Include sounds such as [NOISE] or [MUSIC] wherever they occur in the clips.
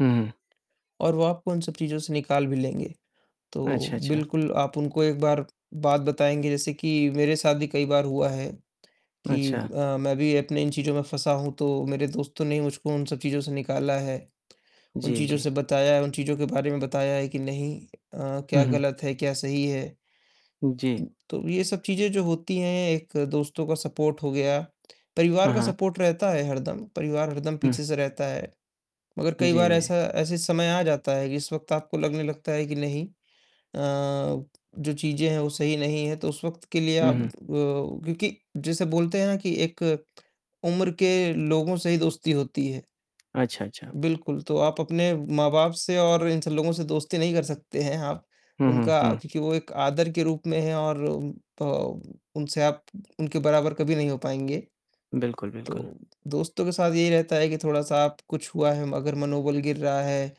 हुँ, हुँ। और वो आपको उन सब चीज़ों से निकाल भी लेंगे, तो अच्छा, अच्छा। बिल्कुल आप उनको एक बार बात बताएँगे जैसे कि मेरे साथ भी कई बार हुआ है कि अच्छा। अ, मैं भी अपने इन चीज़ों में फँसा हूँ, तो मेरे दोस्तों ने मुझको उन सब चीज़ों से निकाला है, उन जी, चीज़ों जी। से बताया है उन चीज़ों के बारे में बताया है कि नहीं अ, क्या हुँ, हुँ। गलत है, क्या सही है। उ, जी। तो ये सब चीज़ें जो होती हैं, एक दोस्तों का सपोर्ट हो गया, परिवार हाँ, का हाँ। सपोर्ट रहता है हरदम, परिवार हरदम हुँ। पीछे से रहता है, मगर कई बार जी। ऐसा ऐसे समय आ जाता है कि इस वक़्त आपको लगने लगता है कि नहीं अ, जो चीज़ें हैं वो सही नहीं है, तो उस वक़्त के लिए हुँ, आप अ, हुँ। क्योंकि जैसे बोलते हैं कि एक उम्र के लोगों से ही दोस्ती होती है। अच्छा, अच्छा। बिल्कुल, तो आप अपने माँ-बाप से और इन सब लोगों से दोस्ती नहीं कर सकते हैं आप, हुँ, हुँ, उनका हुँ। क्योंकि वो एक आदर के रूप में हैं और अ, उनसे आप उनके बराबर कभी नहीं हो पाएँगे, बिल्कुल, बिल्कुल। तो दोस्तों के साथ यही रहता है कि थोड़ा-सा कुछ हुआ है मगर मनोबल गिर रहा है,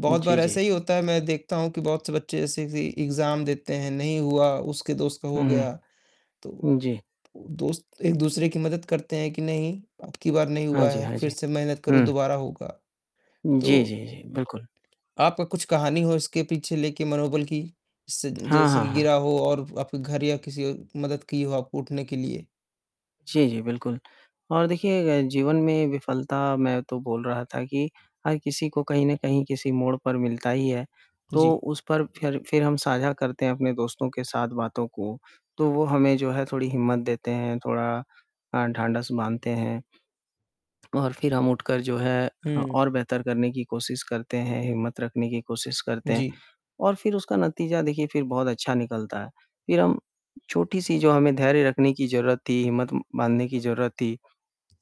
बहुत जी, बार जी। ऐसे ही होता है, मैं देखता हूँ कि बहुत से बच्चे जैसे इग्ज़ाम देते हैं, नहीं हुआ उसके दोस्त का हो हुँ, हुँ। गया, तो हुँ, जी। दोस्त एक-दूसरे की मदद करते हैं कि नहीं, अब की बार नहीं हाँ हुआ जी, है, हाँ फिर जी। से मेहनत करो हुँ। दोबारा होगा। उ, जी, तो जी, जी बिल्कुल। आपका कुछ कहानी हो इसके पीछे लेके मनोबल की सी [SMACKS LIPS] हाँ, जैसे हाँ, हाँ। गिरा हो और आपके घर या किसी औ मदद की हो आपको उठने के लिए? जी, जी, बिल्कुल। और देखिए अ, जीवन में विफलता मैं तो बोल रहा था कि हर किसी को कहीं न कहीं किसी मोड़ पर मिलता ही है, तो जी। उस पर फिर फिर हम साझा करते हैं अपने दोस्तों के साथ बातों को, तो वो हमें जो है थोड़ी हिम्मत देते हैं, थोड़ा अ, ढाँढस बाँधते हैं। और फिर हम उठकर जो है हुँ। और अ, बेहतर करने की कोशिश करते हैं, हिम्मत रखने की कोशिश करते हैं जी। और फिर उसका नतीजा देखिए फिर बहुत अच्छा निकलता है, फिर हम छोटी-सी जो हमें धैर्य रखने की ज़रूरत थी, हिम्मत म बाँधने की ज़रूरत थी,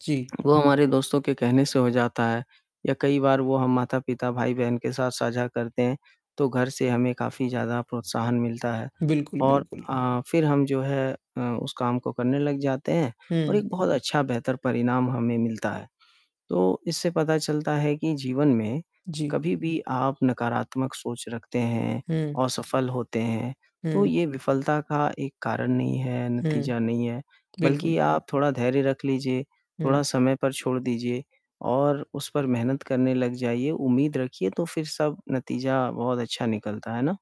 जी। वो हमारे दोस्तों के कहने से हो जाता है या कई बार वो हम माता-पिता, भाई-बहन के साथ साझा करते हैं, तो घर से हमें काफ़ी ज़्यादा प्रोत्साहन मिलता है बिल्कुल, और बिल्कुल। अ, फिर हम जो है अ, उस काम को करने लग जाते हैं और हुँ। एक बहुत अच्छा, बेहतर परिणाम हमें मिलता है। तो इससे पता चलता है कि जीवन में जी। कभी-भी आप नकारात्मक सोच रखते हैं, हुँ। असफल होते हैं, तो हुँ। ये विफलता का एक कारण नहीं है, हुँ। नतीजा नहीं है बल्कि बिल्कुल। आप थोड़ा धैर्य रख लीजिए, थोड़ा हुँ। समय पर छोड़ दीजिए और उस पर मेहनत करने लग जाइए, उम्मीद रखिए तो फिर सब नतीजा बहुत अच्छा निकलता है, है ना?